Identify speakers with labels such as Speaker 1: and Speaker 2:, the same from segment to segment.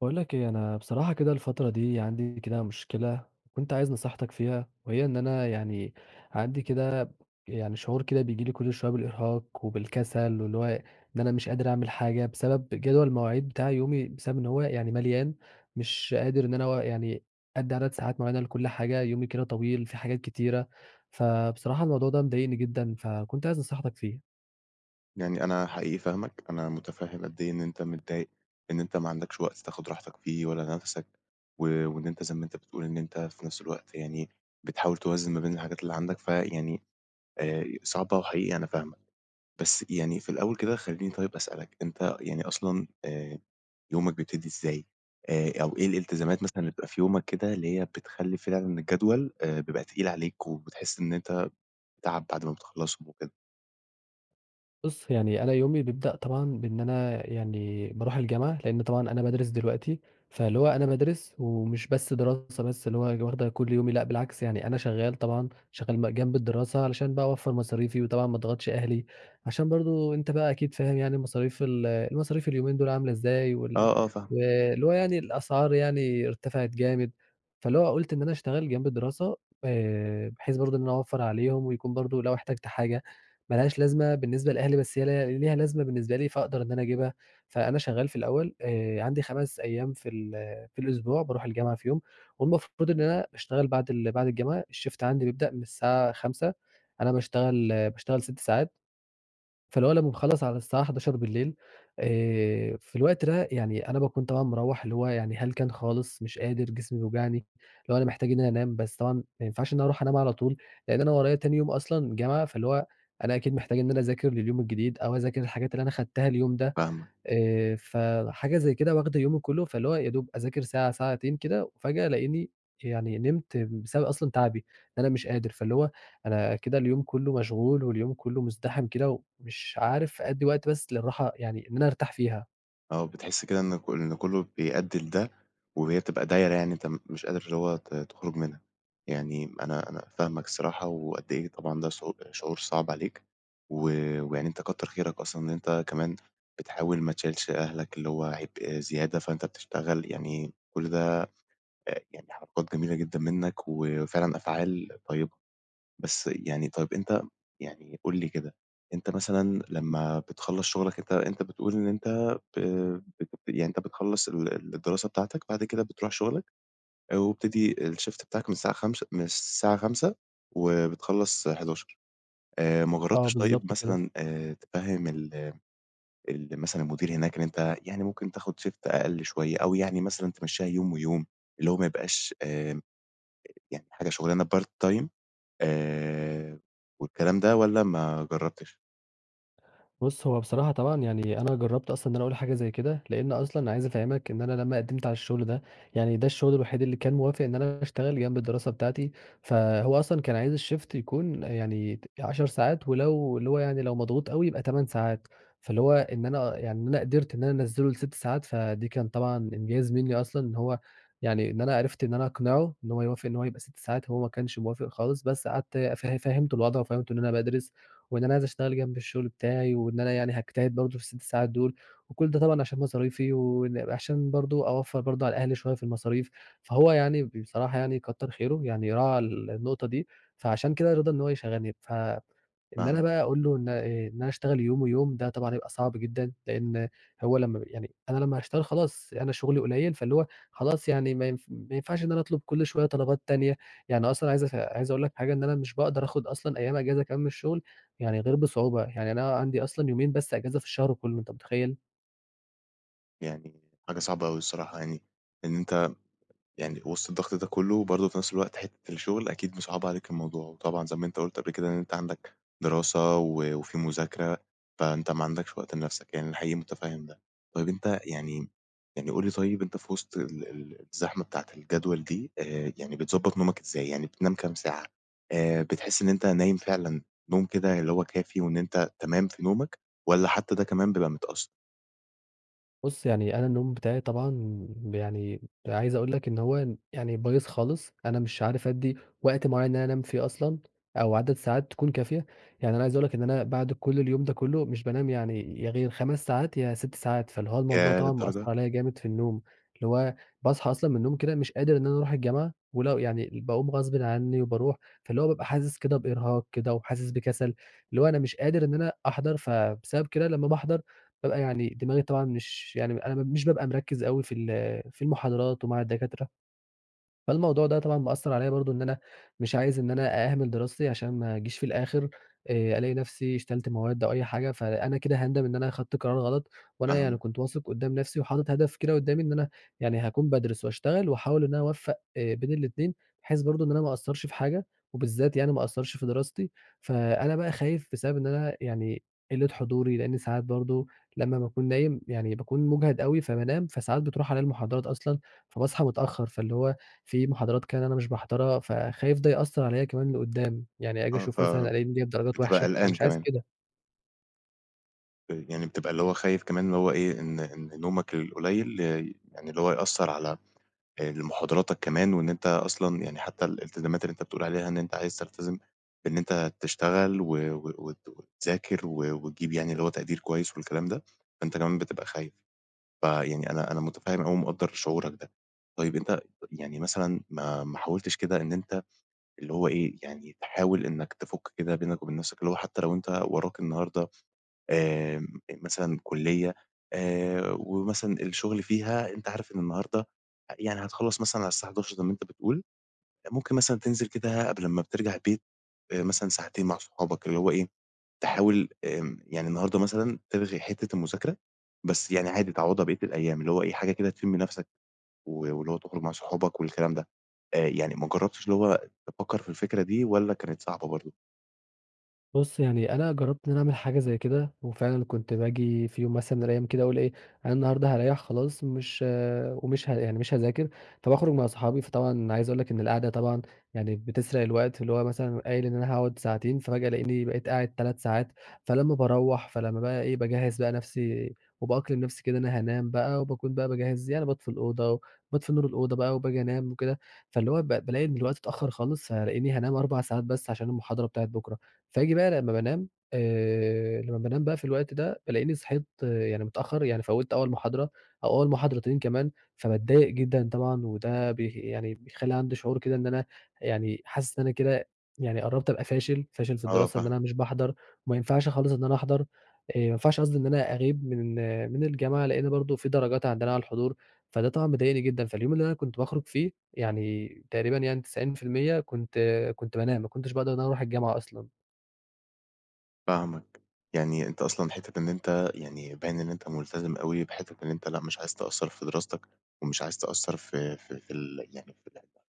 Speaker 1: باقول لك إيه، أنا بصراحة كده الفترة دي عندي كده مشكلة، كنت عايز نصيحتك فيها، وهي إن أنا يعني عندي كده يعني شعور كده بييجي لي كُلّ شوية بالإرهاق وبالكَسَل واللي هو إن أنا مش قادر أعمل حاجة بسبب جدول المواعيد بتاعي يومي بسبب إن هو يعني مليان، مش قادر إن أنا أوا يعني أدّي عدد ساعات معيّنة لكُلّ حاجة، يومي كده طويل في حاجات كتيرة، فبصراحة الموضوع ده مضايقني جدًا، فكنت عايز نصيحتك فيه.
Speaker 2: يعني أنا حقيقي فاهمك، أنا متفهّم قد إيه إن أنت متضايق إن أنت ما عندكش وقت تاخد راحتك فيه ولا نفَسك، و وإن أنت زي ما أنت بتقول إن أنت في نفس الوقت يعني بتحاول توازن ما بين الحاجات اللي عندك، فيعني آآ، صعبة وحقيقي أنا فاهمك. بس يعني في الأول كده خليني طيب أسألك، أنت يعني أصلًا آآ، يومك بيبتدي إزاي آآ، أو إيه الالتزامات مثلًا اللي بتبقى في يومك كده اللي هي بتخلّي فعلًا الجدول آآ، بيبقى تقيل عليك، وبتحس إن أنت تعب بعد ما بتخلصّهم وكده؟
Speaker 1: بُصّ، يعني أنا يومي بيبدأ طبعًا بإن أنا يعني بارُوح الجامعة، لأن طبعًا أنا بادرس دلوقتي، فاللي هو أنا بادرس ومش بس دراسة بس اللي هو واخدة كُلّ يومي، لأ بالعكس، يعني أنا شغال طبعًا شغال بقى جنب الدراسة علشان بقى أوفّر مصاريفي وطبعًا ما أضغطش أهلي، عشان برضه أنت بقى أكيد فاهم يعني مصاريف ال المصاريف اليومين دول عاملة إزاي، وال
Speaker 2: آه، آه فاهمك.
Speaker 1: واللي هو يعني الأسعار يعني ارتفعِت جامد، فاللي هو قُلت إن أنا أشتغل جنب الدراسة آآ، بحيث برضه إن أنا أوفّر عليهم ويكون برضه لو احتجت حاجة، ما لهاش لازمة بالنسبة لأهلي بس هي ليها ليها لازمة بالنسبة لي، فأقدر إن أنا أجيبها، فأنا شغال في الأول آآ، عندي 5 أيام في ال في الأسبوع بارُوح الجامعة فيهم، والمفروض إن أنا أشتغل بعد ال بعد الجامعة الshift عندي بيبدأ من الساعة 17:00 أنا باشتغل باشتغل 6 ساعات، فاللي هو أنا باخلّص على الساعة 23:00 آآ، في الوقت ده يعني أنا باكون طبعًا مروّح اللي هو يعني هلكان خالص، مش قادر، جسمي بيوجعني، اللي هو أنا محتاج إن أنا أنام، بس طبعًا ما ينفعش إن أنا أرُوح أنام على طول، لأن أنا ورايا تاني يوم أصلًا جامعة، فاللي هو أنا أكيد محتاج إن أنا أذاكر لليوم الجديد، أو أذاكر الحاجات اللي أنا خدتها اليوم ده،
Speaker 2: فاهمك.
Speaker 1: آآ، فحاجة زي كده واخدة يومي كُلّه فاللي هو يا دوب أذاكر ساعة ساعتين كده، وفجأة ألاقيني يعني نِمت بسبب أصلًا تعبي إن أنا مش قادر، فاللي هو أنا كده اليوم كُلّه مشغول، واليوم كُلّه مزدحم كده ومش عارف أدّي وقت بس للراحة يعني إن أنا أرتاح فيها.
Speaker 2: آه بتحس كده إن ك إن كلّه بيأدّي لده، وهي بتبقى دايرة يعني أنت م مش قادر اللي هو ت تخرج منها، يعني أنا أنا فاهمك الصراحة، وقد إيه طبعًا ده ش شعور صعب عليك و ويعني أنت كتّر خيرك أصلًا إن أنت كمان بتحاول ما تشيلش أهلك اللي هو عبء زيادة، فأنت بتشتغل يعني آآ، كُلّ ده آآ يعني حركات جميلة جدًا منك وفعلًا أفعال طيبة. بس يعني طيب أنت يعني قُل لي كده، أنت مثلًا لمّا بتخلّص شغلك أنت، أنت بتقول إن أنت ب ب يعني أنت بتخلّص ال الدراسة بتاعتك بعد كده بترُوح شغلك ويبتدي الshift بتاعك من الساعة 17:00 من الساعة 17:00 وبتخلّص 23:00 آآ، ما
Speaker 1: آه
Speaker 2: جرّبتش طيب
Speaker 1: بالضبط كده.
Speaker 2: مثلًا آآ، تفهّم ال ال مثلًا المدير هناك إن أنت يعني ممكن تاخد shift أقل شوية، أو يعني مثلًا تمشّيها يوم، ويوم اللي هو ما يبقاش آآ، يعني حاجة شغلانة part time آآ، والكلام ده والَّا ما جرّبتش؟
Speaker 1: بُص هو بصراحة طبعًا يعني أنا جربت أصلًا إن أنا أقول حاجة زي كده لأن أصلًا عايز أفهمك إن أنا لمّا قدمت على الشغل ده يعني ده الشغل الوحيد اللي كان موافق إن أنا أشتغل جنب الدراسة بتاعتي، فهو أصلًا كان عايز الشيفت يكون يعني 10 ساعات ولو اللي هو يعني لو مضغوط أوي يبقى 8 ساعات فاللي هو إن أنا يعني أنا قدرت إن أنا أنزله لست ساعات فدي كان طبعًا إنجاز مني أصلًا، إن هو يعني إن أنا عرفت إن أنا أقنعه إن هو يوافق إن هو يبقى 6 ساعات هو ما كانش موافق خالص، بس قعدت ف فهمته الوضع وفهمته إن أنا بادرس وان أنا عايز أشتغل جنب الشغل بتاعي، واننا يعني هاجتهد برضه في ال6 ساعات دول، وكل ده طبعًا عشان مصاريفي وإن وعشان برضه أوفر برضه على أهلي شوية في المصاريف، فهو يعني بصراحة يعني كتر خيره يعني راعَى النقطة دي، فعشان كده رضى إن هو يشغلني، ف إن أنا
Speaker 2: فاهمك.
Speaker 1: بقى أقول له إن إيه إن أنا اشتغل يوم ويوم ده طبعًا هيبقى صعب جدًا، لأن هو لمّا يعني أنا لمّا هاشتغل خلاص أنا شغلي قليل فاللي هو خلاص يعني ما ينف ما ينفعش إن أنا أطلب كل شوية طلبات تانية، يعني أصلًا عايز اف عايز أقول لك حاجة إن أنا مش باقدر آخد أصلًا أيام إجازة كمان من الشغل، يعني غير بصعوبة يعني أنا عندي أصلًا يومين بس إجازة في الشهر كلّه أنت متخيل؟
Speaker 2: يعني حاجة صعبة أوي الصراحة يعني، إن أنت يعني وسط الضغط ده كُلّه وبرضه في نفس الوقت حتة الشغل أكيد مصعّبة عليك الموضوع، وطبعًا زي ما أنت قُلت قبل كده إن أنت عندك دراسة، و وفي مذاكرة فأنت ما عندكش وقت لنفسك، يعني أنا حقيقي متفهّم ده، طيب أنت يعني يعني قُل لي طيب أنت في وسط ال ال الزحمة بتاعة الجدول دي آآ، يعني بتضبّط نومك إزاي يعني بتنام كام ساعة آآ، بتحس إن أنت نايم فعلًا نوم كده اللي هو كافي وإن أنت تمام في نومك، والَّا حتى ده كمان بيبقى متأثّر؟
Speaker 1: بُصّ، يعني أنا النوم بتاعي طبعًا يعني عايز أقول لك إن هو يعني بايظ خالص، أنا مش عارف أدّي وقت معيّن إن أنا أنام فيه أصلًا، أو عدد ساعات تكون كافية، يعني أنا عايز أقول لك إن أنا بعد كُلّ اليوم ده كُلّه مش بانام يعني يا غير 5 ساعات يا 6 ساعات فاللي هو الموضوع
Speaker 2: ياه!
Speaker 1: طبعًا مأثّر
Speaker 2: للدرجة.
Speaker 1: عليَّ جامد في النوم، اللي هو باصحى أصلًا من النوم كده مش قادر إن أنا أرُوح الجامعة، ولو يعني باقوم غصبٍ عني وباروح فاللي هو بابقى حاسس كده بإرهاق كده، وحاسس بكَسَل، اللي هو أنا مش قادر إن أنا أحضر فبسبب كده لمّا باحضر بابقى يعني دماغي طبعًا مش يعني أنا مش بابقى مركّز أوي، في ال في المحاضرات ومع الدكاترة، فالموضوع ده طبعًا مأثّر عليَّ برضه إن أنا مش عايز إن أنا أهمِل دراستي، عشان ما أجيش في الآخر، آآ ألاقي نفسي شيلت مواد أو أي حاجة، فأنا كده هاندم إن أنا أخدت قرار غلط، وأنا يعني
Speaker 2: فاهمك.
Speaker 1: كنت واثق قُدّام نفسي وحاطط هدف كده قدّامي إن أنا يعني هاكون بادرس واشتغل واحاول إن أنا أوفّق آآ بين الاتنين، بحيث برضه إن أنا ما اقصّرش في حاجة وبالذات يعني ما اقصّرش في دراستي، فأنا بقى خايف بسبب إن أنا يعني قِلّة حضوري، لأن ساعات برضه لمّا باكون نايم يعني باكون مجهد أوي، فبانام، فساعات بتروح عليَّ المحاضرات أصلًا، فباصحى متأخّر فاللي هو في محاضرات كده أنا مش باحضرها، فخايف ده يأثّر عليَّ كمان لقدام، يعني آجي
Speaker 2: آه، ف
Speaker 1: أشوف مثلًا ألاقيني جايب درجات
Speaker 2: بتبقى
Speaker 1: وحشة، أنا
Speaker 2: قلقان
Speaker 1: مش عايز
Speaker 2: كمان.
Speaker 1: كده.
Speaker 2: آآ يعني بتبقى اللي هو خايف كمان إن هو إيه، إن إن نومك القليّل لي يعني اللي هو يأثّر على آآ لمحاضراتك كمان وإن أنت أصلًا يعني حتّي الإلتزامات اللي أنت بتقول عليها إن أنت عايز تلتزم بإن أنت تشتغل و و وت وتذاكر و وتجيب يعني اللي هو تقدير كويس والكلام ده، فأنت كمان بتبقى خايف. فيعني أنا أنا مُتفهِّم أوي ومقدَّر شعورك ده. طيب أنت يعني مثلًا ما ما حاولتش كده إن أنت اللي هو إيه، يعني تحاول إنّك تفُك كده بينك وبين نَفْسك اللي هو حتّي لو أنت وراك النهاردة آمم، آآ، مثلًا كُلّية آآ، ومثلًا الشُغل فيها أنت عارف إن النهاردة آآ يعني هتخلّص مثلًا على الساعة 23:00 زي مأنت بتقول، ممكن مثلًا تنزل كده قبل ما بترجع البيت آآ مثلًا ساعتين مع أصحابك اللي هو إيه، تحاول آمم يعني النهاردة مثلًا تلغي حتّة المذاكرة، بس يعني عادي تعوّضها بقيّة الأيام اللي هو إيه، حاجة كده تشم نَفَسك و واللي هو تخرُج مع صحابك والكلام ده. آآ يعني ما جرّبتش اللي هو تفكّر في الفكرة دي والّا كانت صعبة برضه؟
Speaker 1: بُص، يعني أنا جرّبت إن أنا أعمل حاجة زي كده وفعلًا كنت باجي في يوم مثلًا من الأيام كده أقول إيه، أنا النهاردة هاريّح خلاص مش ومش ه يعني مش هاذاكر، فباخرُج مع صحابي، فطبعًا عايز أقول لك إن القعدة طبعًا يعني بتسرق الوقت اللي هو مثلًا قايل إن أنا هاقعُد ساعتين، فباجي ألاقيني بقيت قاعد 3 ساعات، فلمّا باروّح فلمّا بقى إيه، باجهِّز بقى نَفْسي وبأقلم نَفْسي كده أنا هانام بقى وباكون بقى باجهّز يعني باطفي الأوضة وباطفي نور الأوضة بقى وباجي أنام وكده، فاللي هو ب بالاقي إن الوقت اتأخَّر خالص ألاقيني هانام 4 ساعات بس علشان المحاضرة بتاعة بكرة. فييجي بقى لمّا بانام آآ، لمّا بانام بقى في الوقت ده، بالاقيني صحيت يعني متأخَّر، يعني فَوِّت أول محاضرة أو أول محاضرتين كمان، فباتضايق جدًا طبعًا وده بي يعني بيخلّي عندي شعور كده إن أنا يعني حاسس إن أنا كده يعني قرّبت أبقى فاشل، فاشل في
Speaker 2: آه
Speaker 1: الدراسة إن
Speaker 2: فاهمك.
Speaker 1: أنا مش باحضر وما ينفعش خالص إن أنا أحضر، آآ ما ينفعش قصدي إن أنا أغيب من من الجامعة لإن برضه في درجات عندنا على الحضور، فده طبعًا مضايقني جدًا، فاليوم اللي أنا كنت باخرُج فيه يعني تقريبًا يعني 90% كنت كنت بانام، ما كنتش باقدر إن أنا أروح الجامعة أصلًا.
Speaker 2: فاهمك. يعني أنت أصلًا حِتّة إن أنت يعني باين إن أنت ملتزم أوي بحِتّة إن أنت لأ مش عايز تأثّر في دراستك، ومش عايز تأثر ف ف في ال يعني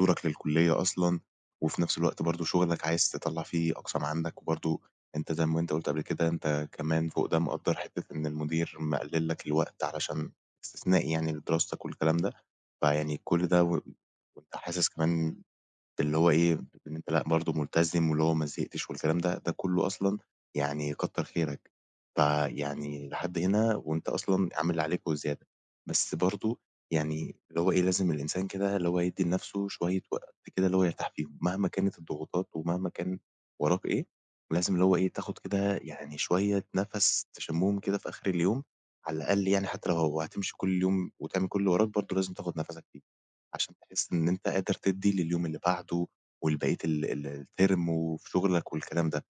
Speaker 2: دورك للكُلّية أصلًا، وفي نفس الوقت برضه شغلك عايز تطلّع فيه أقصى ما عندك، وبرضه أنت زي ما أنت قُلت قبل كده أنت كمان فوق ده مقدر حِتّة إن المدير مقلِّل لَك الوقت علشان إستثنائي يعني لدراستك والكلام ده، فيعني كل ده و وأنت حاسس كمان اللي هو إيه إن أنت لأ برضه ملتزم، واللي هو ما زهقتش والكلام ده، ده كلّه أصلًا يعني كتَّر خيرك، فيعني لحد هنا وأنت أصلًا عامل اللي عليك وزيادة، بس برضه يعني اللي هو إيه لازم الإنسان كده اللي هو يدي لنفسه شوية وقت كده اللي هو يرتاح فيهم مهما كانت الضغوطات ومهما كان وراك إيه لازم اللي هو إيه تاخد كده يعني شوية نفس تشمهم كده في آخر اليوم على الأقل يعني حتى لو هتمشي كل يوم وتعمل كل اللي وراك برضه لازم تاخد نفَسَك فيه، عشان تحس إن أنت قادر تدي لليوم اللي بعده و لبقية ال ال الterm وفي شغلك والكلام ده،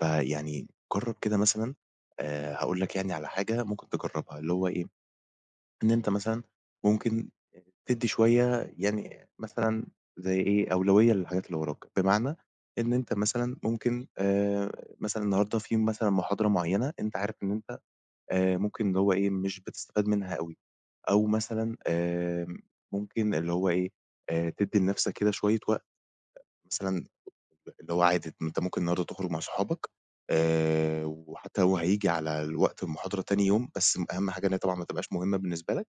Speaker 2: فيعني جرّب كده مثلًا آآ هاقول لَك يعني على حاجة ممكن تجرّبها اللي هو إيه؟ إن أنت مثلًا ممكن تدّي شوية يعني مثلًا زي إيه أولوية للحاجات اللي وراك، بمعنى إن أنت مثلًا ممكن آآ مثلًا النهارده في مثلًا محاضرة معينة أنتَ عارف إن أنت آآ ممكن اللي هو إيه مش بتستفاد منها أوي أو مثلًا آآ ممكن اللي هو إيه آآ تدّي لنفسك كده شوية وقت، مثلًا اللي هو عادي أنت ممكن النهارده تخرج مع أصحابك آآ وحتى لو هييجي على الوقت المحاضرة تاني يوم، بس أهم حاجة إن هي طبعًا ما تبقاش مهمة بالنسبة لك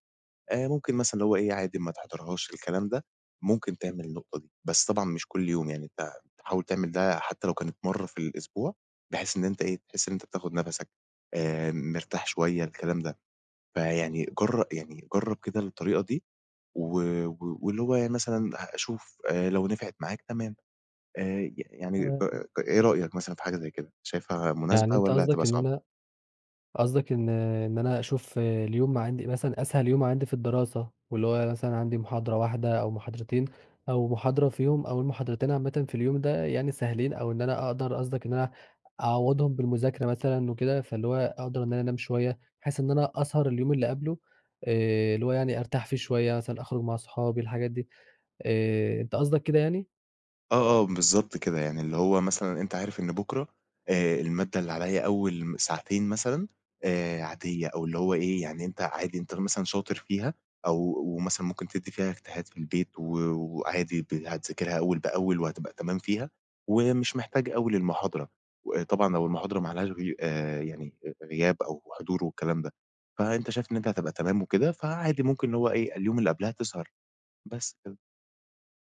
Speaker 2: آآ ممكن مثلًا اللي هو إيه عادي ما تحضرهاش الكلام ده ممكن تعمل النقطة دي، بس طبعًا مش كل يوم يعني أنت تحاول تعمل ده حتى لو كانت مرّة في الأسبوع، بحيث إن أنت إيه تحس إن أنت بتاخد نفسك آآ م مرتاح شوية الكلام ده، فيعني جر يعني جرب كده الطريقة دي. و واللي هو يعني مثلًا شوف آآ لو نفعِت معاك تمام، آآ ي يعني
Speaker 1: تمام. امم.
Speaker 2: إيه رأيك مثلًا في حاجة زي كده، شايفها
Speaker 1: يعني
Speaker 2: مناسبة
Speaker 1: أنت
Speaker 2: والّا هتبقى
Speaker 1: قصدك إن
Speaker 2: صعب؟
Speaker 1: أنا قصدك إن إن أنا أشوف اليوم ما عندي مثلًا أسهل يوم عندي في الدراسة، واللي هو مثلًا عندي محاضرة واحدة أو محاضرتين أو محاضرة فيهم أول محاضرتين عامةً في اليوم ده يعني سهلين أو إن أنا أقدر قصدك إن أنا أعوضهم بالمذاكرة مثلًا وكده، فاللي هو أقدر إن أنا أنام شوية بحيث إن أنا أسهر اليوم اللي قبله آآ اللي هو يعني أرتاح فيه شوية مثلًا، أخرج مع أصحابي، الحاجات دي آآ، أنت قصدك كده يعني؟
Speaker 2: آه، آه بالضبط كده، يعني اللي هو مثلًا أنت عارف إن بُكرة آآ المادة اللي عليَّ أول ساعتين مثلًا آآ، عادية أو اللي هو إيه يعني أنت عادي أنت مثلًا شاطر فيها أو مثلًا ممكن تدّي فيها اجتهاد في البيت و وعادي ت هتذاكرها أول بأول، وهتبقى تمام فيها، ومش محتاج أوي للمحاضرة و طبعًا لو المحاضرة ما عليهاش غي يعني غياب أو حضور والكلام ده، فأنت شايف إن أنت هتبقى تمام وكده، فعادي ممكن اللي هو إيه، اليوم اللي قبلها تسهر، بس كده.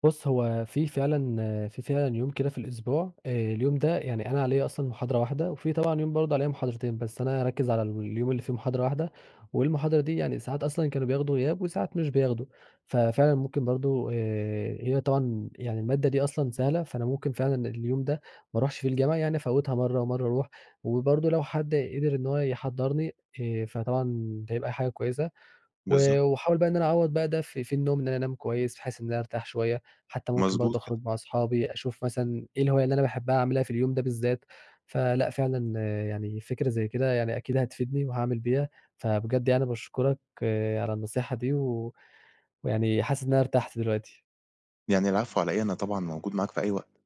Speaker 1: بُصّ، هو في فعلًا في فعلًا يوم كده في الأسبوع آآ اليوم ده يعني أنا عليَّ أصلًا محاضرة واحدة، وفي طبعًا يوم برضه عليَّ محاضرتين، بس أنا هاركّز على اليوم اللي فيه محاضرة واحدة، والمحاضرة دي يعني ساعات أصلًا كانوا بياخدوا غياب، وساعات مش بياخدوا، فَفِعلًا ممكن برضه آآ، هي طبعًا يعني المادة دي أصلًا سهلة، فأنا ممكن فعلًا اليوم ده، ما أروحش فيه الجامعة، يعني أفوّتها مرّه، ومرّه أرُوح وبرضه لو حد قدر إن هو يحضّرني آآ، فطبعًا ده هيبقى حاجة كويسة، و
Speaker 2: بالضبط.
Speaker 1: وأحاول بقى إن أنا أعوّض بقى ده في في النوم إن أنام كويس، بحيث إن أنا أرتاح شوية، حتى ممكن
Speaker 2: مضبوط
Speaker 1: برضه
Speaker 2: كده.
Speaker 1: أخرج مع أصحابي أشوف مثلًا إيه الهواية اللي أنا باحبها أعملها في اليوم ده بالذات، فلأ، فعلًا يعني فكرة زي كده يعني أكيد هتفيدني، وهاعمل بيها فبجد يعني باشكرك على النصيحة دي، و ويعني حاسس إن أنا ارتحت دلوقتي.
Speaker 2: يعني العفو على إيه، أنا طبعًا موجود معاك في أي وقت.